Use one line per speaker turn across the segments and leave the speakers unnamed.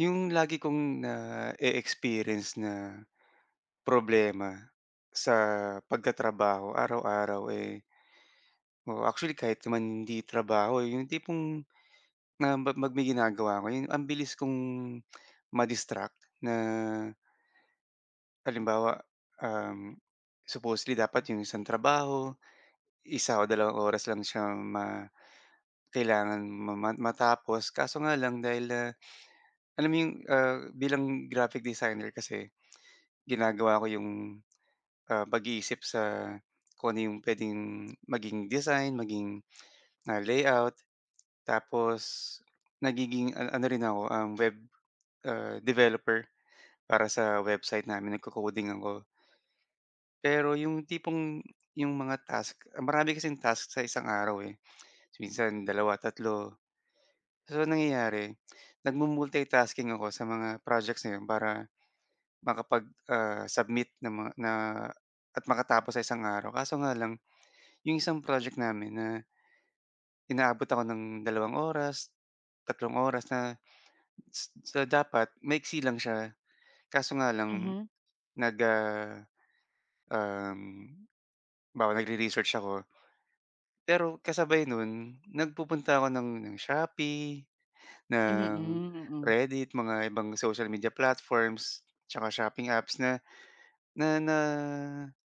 Yung lagi kong na-e-experience na, problema sa pagtatrabaho araw-araw eh Oo, actually kahit naman hindi trabaho. Yung tipong na mag may ginagawa 'ko, yung ang bilis kong ma-distract na Halimbawa, um, supposedly dapat yung isang trabaho, 1 o 2 oras lang siyang ma kailangan ma ma matapos. Kaso nga lang dahil, ah, alam mo 'yong, ah, bilang, graphic designer kasi ginagawa ko 'yong, ah, pag-iisip sa kung ano 'yong puwedeng maging design, maging ah, layout. Tapos nagiging an ano rin ako, ah, web, ah, developer para sa website namin, nagko-coding ako. Pero 'yong tipong, 'yong mga task, marami kasing task sa isang araw eh. Minsan 2, 3. So ang nangyayari, nagmu-multitasking ako sa mga projects na 'yun para makapag, ah, submit na ma na at makatapos sa isang araw. Kaso nga lang 'yong isang project namin na inaabot ako ng 2 oras, 3 oras na So, dapat, maiksi lang siya. Kaso nga lang,
Mhm.
nag, ah, um, halimbawa nagre-research ako. Pero kasabay nun, nagpupunta ako ng ng Shopee,
Mm,
ng
mm.
Reddit, mga ibang social media platforms tsaka shopping apps na na na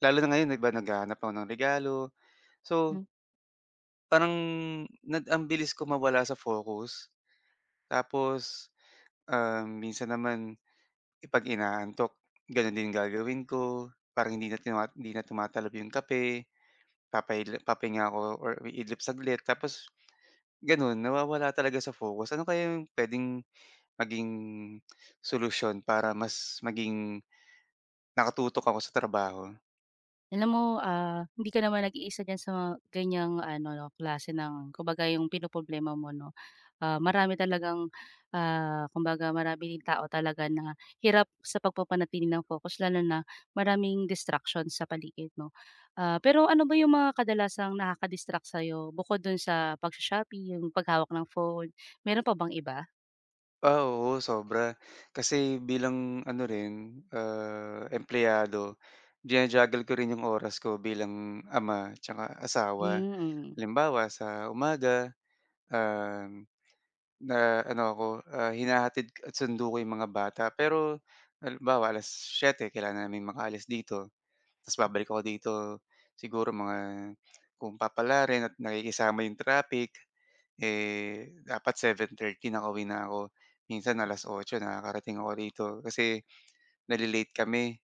lalo na ngayon iba naghahanap ako ng regalo, so
Hmm.
Parang nad ang bilis ko mawala sa focus. Tapos, um, minsan naman, 'pag inaantok, gano'n din gagawin ko, parang hindi na tumat hindi na tumatalab 'yong kape. Papa-idlip papahinga ako or iidlip saglit, tapos gano'n, nawawala talaga sa focus, ano kaya 'yung puwedeng maging solusyon para mas maging naka-tutok ako sa trabaho?
Alam mo, ah, hindi ka naman nag-iisa diyan sa, ganiyang ano klase ng kumbaga 'yung pinoproblema mo 'no. Ah, marami talagang, ah, kumbaga, maraming din tao talaga na hirap sa pag-papanatili ng focus lalo na maraming distraction sa paligid mo. Ah, pero ano ba 'yung mga kadalasang nakaka-distract sa'yo bukod dun sa pag-sho-shopping, pag-hawak ng phone, meron pa bang iba?
Ah, oo sobra, kasi bilang ano rin, ah, empleyado, jinu-juggle ko rin 'yong oras ko bilang ama 'tsaka asawa.
Hmm, mm.
Halimbawa sa umaga, um, ah, ano ako, ah, hinahatid sundo ko 'yong mga bata, pero halimbawa 7:00, kailangan naming maka-alis dito. Tapos babalik ako dito, siguro mga kung papalarin at nakikisama 'yong traffic, eh, dapat 7:30 nakauwi na ako, minsan 8:00 nakakarating ako rito kasi nale-late kami.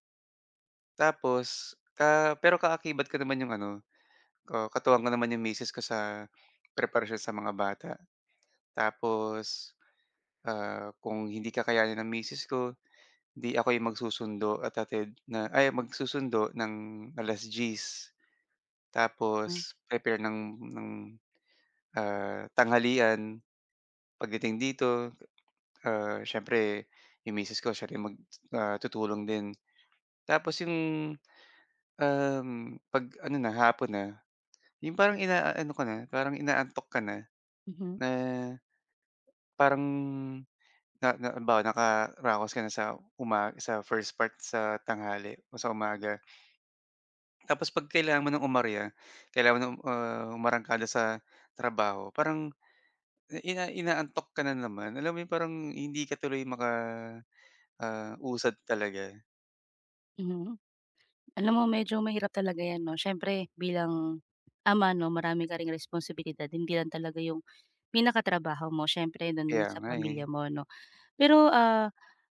Tapos, ah pero, ah, ka-akibat ko naman 'yong ano ah, katuwang ko naman 'yong misis ko sa preparasyon sa mga bata. Tapos, ah, kung hindi kakayanin ng misis ko, 'di ako'y mag-susundo at hatid, na ay mag-susundo ng 10:00.
Hmm.
Tapos prepare ng ng, ah, tanghalian. Pagdating dito, ah, siyempre 'yung misis ko siya rin mag ah, tutulong din. Tapos 'yung, um, pag ano na hapon na, 'yung parang ina-ano ka na, parang inaantok ka na,
Mhm.
na parang, na na 'bawa nakaa-raos ka na sa uma sa first part, sa tanghali, o sa umaga. Tapos 'pag kailangan mo ng umarya, kailangan mo ng, ah, umarangkada sa trabaho, parang ina inaantok ka na naman, alam mo 'yung parang hindi ka tuloy maka, ah, usad talaga.
Mhm. Alam mo medyo mahirap talaga 'yan 'no, siyempre bilang, ama 'no, marami ka ring responsibilidad, hindi lang talaga 'yong pinaka-trabaho mo, siyempre do'n din
Kaya
sa
nga eh.
pamilya mo 'no. Pero, ah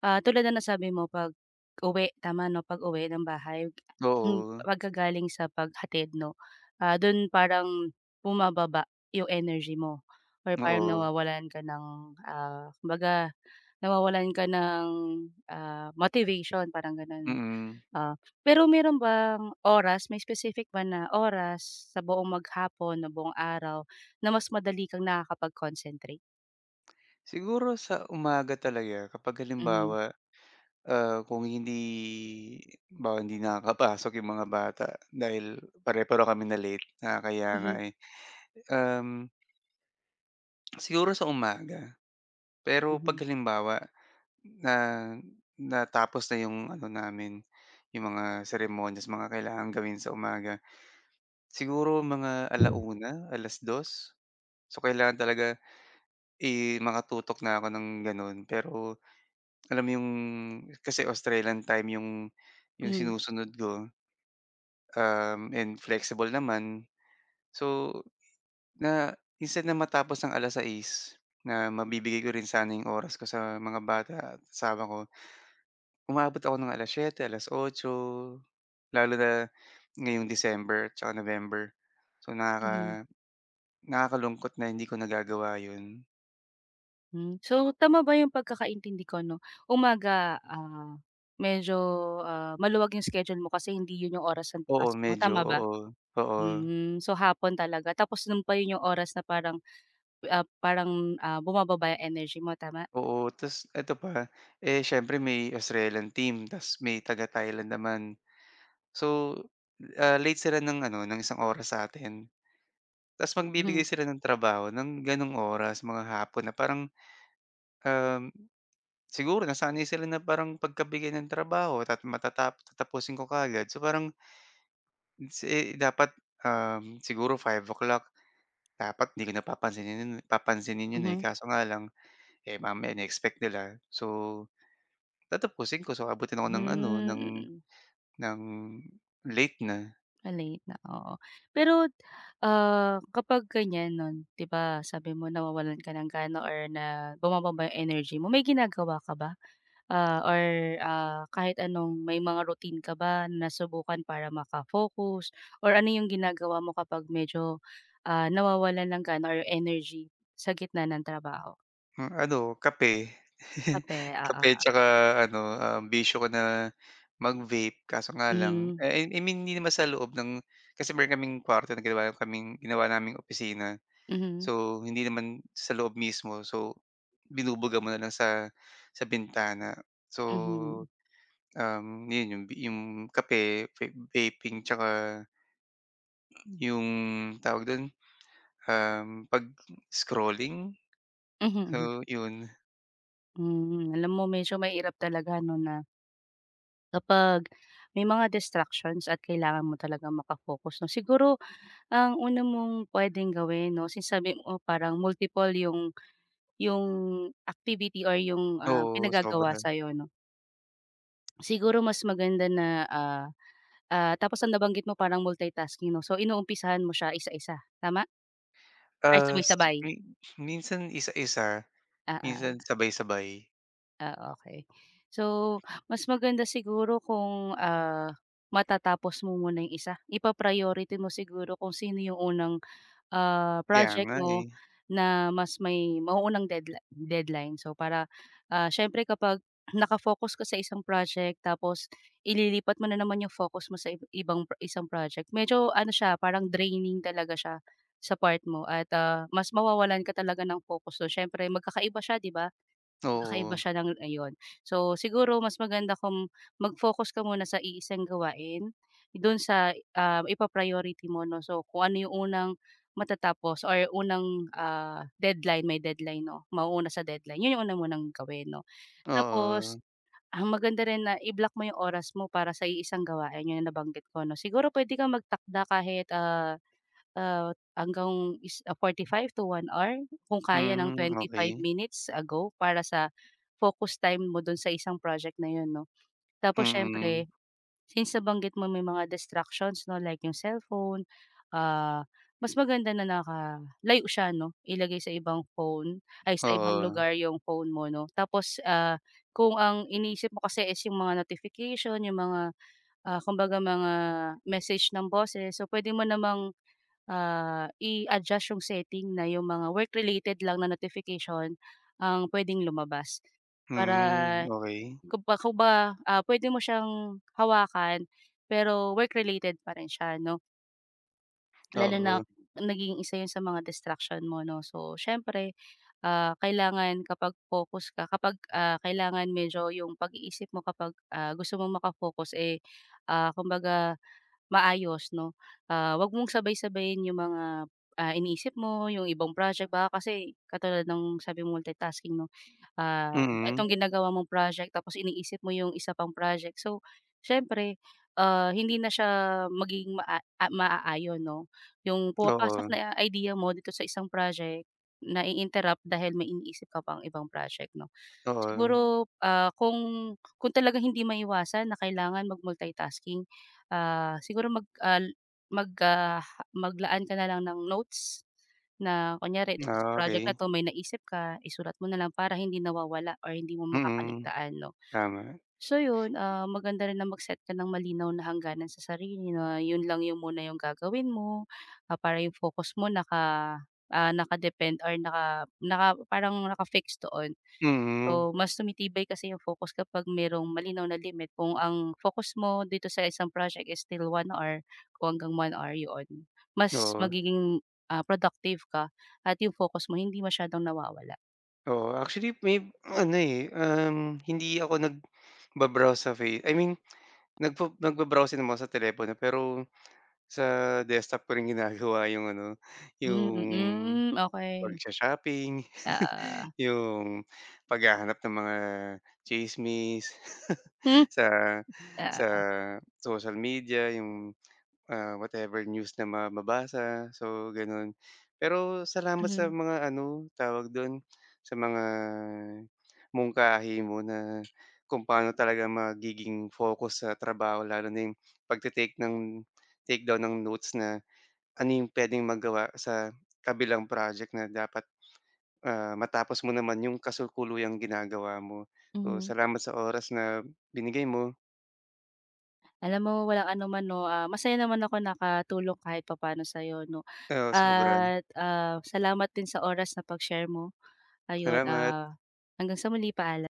ah, tulad ng nasabi mo, pag uwi, tama 'no? Pag-uwi ng bahay, hmm,
Oo.
pagka-galing sa paghatid 'no, ah, doon parang bumababa 'yong energy mo, or parang
Oo.
nawawalan ka ng, ah, kumbaga, nawawalan ka ng, ah, motivation, parang gano'n 'no,
Mm.
oo. Pero meron bang oras, may specific ba na oras sa buong mag-hapon, na buong araw, na mas madali kang nakakapag-concentrate?
Siguro sa umaga talaga, kapag
Mhm.
halimbawa, ah, kung hindi, halimbawa hindi nakakapasok yung mga bata, dahil pare-pareho kaming na-late nakakahiya nga,
Mhm.
eh, um Siguro sa umaga. Pero, 'pag
Mhm.
halimbawa, na natapos na yung ano namin, yung mga seremonyas, mga kailangang gawin sa umaga, siguro mga 1:00, 2:00? So, kailangan talaga, i makatutok na ako ng gano'n. Pero, alam mo 'yong, kasi Australian time 'yong, 'yong
Hmm.
sinusunod ko. Um, and flexible naman, so, na instead na, matapos ng 6:00 na, mabibigay ko rin sana 'yong oras ko sa mga bata at asawa ko umabot ako ng 7:00, 8:00. Lalo na, ngayong December, tsaka November. So,
Mhm.
nakaka nakakalungkot na hindi ko nagagawa 'yon.
Hmm, so tama ba yung pagkakaintindi ko 'no, umaga, ah, medyo ah, maluwag 'yong schedule mo kasi hindi 'yon yung oras ng
Oo
pasok mo
medyo,
tama ba?
oo, oo.
Hmm, so hapon talaga, tapos noon pa 'yon yung oras na parang, ah, parang ah, bumababa 'yang energy mo, tama?
Oo, ta's eto pa, eh, siyempre may Australian team ta's may taga-Thailand naman. So, ah, late sila ng ano, ng 1 oras sa atin. Ta's
Hmm.
magbibigay sila ng trabaho ng ganong oras mga hapon na parang, um, siguro nasanay sila na parang pagkabigay ng trabaho tat matatapo tatapusin ko kaagad so parang si eh, dapat um, siguro 5 o'clock dapat 'di ko na papansinin papansinin 'yon, eh,
Mhm.
kaso nga lang, eh, mamaya ine-expect nila, so, tatapusin ko so abutin ako
Hmm,
ng ano ng
mm.
ng late na.
Ah, late na, oo. Pero, ah, kapag ganyan non 'di ba sabi mo nawawalan ka ng gana or na bumababa energy mo, may ginagawa ka ba? Ah, or ah, kahit anong may mga routine ka ba nasubukan para maka-focus or ano yung ginagawa mo kapag medyo, ah, nawawalan ng gana or energy sa gitna ng trabaho?
Hmm, ano, kape.
Kape,
Kape
oo.
'tsaka ano, um, bisyo ko na mag-vape kaso nga lang
Mm.
eh, ah, I mean, hindi naman sa loob ng kasi meron kaming kuwarto na ginawa kaming ginawa naming opisina,
Mhm.
so hindi naman sa loob mismo so binubuga mo na lang sa sa bintana. So,
Mhm.
um, yun yung v yung kape, ve vaping 'tsaka, a yung tawag dun, um, pag-scrolling? So yun.
Mm, alam mo medyo mahirap talaga 'no na kapag may mga distractions at kailangan mo talagang maka-focus 'no? Siguro ang una mong puwedeng gawin 'no since sabi mo parang multiple yung yung activity or yung, ah,
Oo,
pinagagawa
sobra.
sa'yo 'no. Siguro mas maganda na, ah, ah tapos ang nabanggit mo parang multitasking 'no? So inumpisahan mo siya isa-isa, tama? Ay
Ah, s
sabay-sabay?
mi minsan isa-isa,
Oo.
minsan sabay-sabay.
Ah, okey. So, mas maganda siguro kung, ah, matatapos mo muna 'yong isa. Ipa-priority mo siguro kung sino 'yong unang, ah,
Kaya
project
nga,
mo
eh.
na mas may mauunang deadla deadline, so para, ah, siyempre kapag naka-focus ka sa isang project, tapos ililipat mo na naman 'yong focus mo sa ib ibang isang project medyo ano siya, parang draining talaga siya, sa part mo at, ah, mas mawawalan ka talaga ng focus, so siyempre mag-kakaiba siya 'di ba. Mag-kakaiba
Oo.
siya ng ayon, so siguro mas maganda kung mag-focus ka muna sa iisang gawain, do'n sa, ah, ipa-priority mo 'no so kung ano 'yong unang matatapos or unang, ah, deadline, may deadline 'no, mauuna sa deadline, 'yon 'yong una mo ng gawin 'no. Tapos,
Oo.
ah, maganda rin na i-block mo 'yong oras mo para sa iisang gawain 'yon ang nabanggit ko 'no, siguro puwede kang mag-takda kahit ah, ah, hanggang is ah, 45 to 1 hour kung kaya ng
Hmm,
25
okey.
minutes ago para sa, focus time mo do'n sa isang project na 'yon 'no. Tapos
Mm.
siyempre, since nabanggit mo may mga distractions 'no, like 'yong cellphone, ah, mas maganda na naka-layo siya 'no ilagay sa ibang phone, ay sa ibang
Oo.
lugar 'yong phone mo 'no tapos, ah, kung ang iniisip mo kasi is 'yong mga notification, 'yong mga ah, kumbaga mga message ng bosses, so puwede mo namang, ah, i-adjust yung setting na yung mga work-related lang na notification ang puwedeng lumabas. Para
Hmm, okey.
kumba kumba ah, puwede mo siyang hawakan pero work-related pa rin siya 'no. Lalo
Oo.
nak naging isa yun sa mga distraction mo 'no, so siyempre, ah, kailangan kapag focus ka kapag, ah, kailangan medyo yung pag-iisip mo kapag, ah, gusto mong maka-focus ,eh, ah, kumbaga, maayos 'no, ah, 'wag mong sabay-sabayin yung mga, ah, iniisip mo yung ibang project baka kasi katulad ng sabi multi-tasking 'no, ah,
Mm.
itong ginagawa mong project tapos iniisip mo 'yong isa pang project, so siyempre, ah, hindi na siya magiging maa ma-aayon 'no. Yung pumapasok
Oo.
na idea mo dito sa isang project, nai-interrupt dahil may iniisip ka pang ibang project 'no.
Oo.
Siguro, ah, kung kung talagang hindi maiwasan na kailangan mag-multi tasking, ah, siguro mag al magka mag-laan ka na lang ng notes, na kunyari dito sa
Ah,
project na
okey.
'to may naisip ka, isulat mo na lang para hindi nawawala or hindi mo
Mm.
makaka-ligtaan 'no.
Tama.
So yun, ah, maganda rin na mag-set ka ng malinaw na hangganan sa sarili na yun lang yung muna yung gagawin mo, ah, para yung focus mo naka ah, naka-depend or naka naka parang naka-fix doon.
Mhm.
So mas tumitibay kasi yung focus kapag merong malinaw na limit kung ang focus mo dito sa isang project is still 1 hour kung hanggang 1 hour yoon mas
Oo.
magiging, ah, productive ka at yung focus mo hindi masyadong nawawala.
Oo, actually, may ano, eh, um, hindi ako nagba-browse sa Fa I mean, nagfa nagba-browse din naman sa telepono pero sa desktop ko rin ginagawa 'yung ano,
Hmm,
'yung
mm, okey.
pagsha-shopping,
Ah.
'yung paghahanap ng mga tsismis
Hmm,
sa
ah.
sa social media, 'yung, ah, whatever news na ma mabasa so gano'n. Pero salamat sa
Mhm.
mga ano tawag do'n, sa mga mungkahi mo na kung paano talaga magiging focus sa trabaho lalo na 'yung pagte-take ng takedown ng notes na ano 'yung puwedeng magawa sa kabilang project na dapat, ah, matapos mo naman 'yung kasalukuyang ginagawa mo. Oh,
Mhm.
salamat sa oras na binigay mo.
Alam mo, walang anuman 'no. Ah, masaya naman ako nakatulong kahit papaano sa'yo 'no,
Oo, sobra.
at, ah, salamat din sa oras na pag-share mo. Ayun,
Salamat.
ah, hanggang sa muli paalam.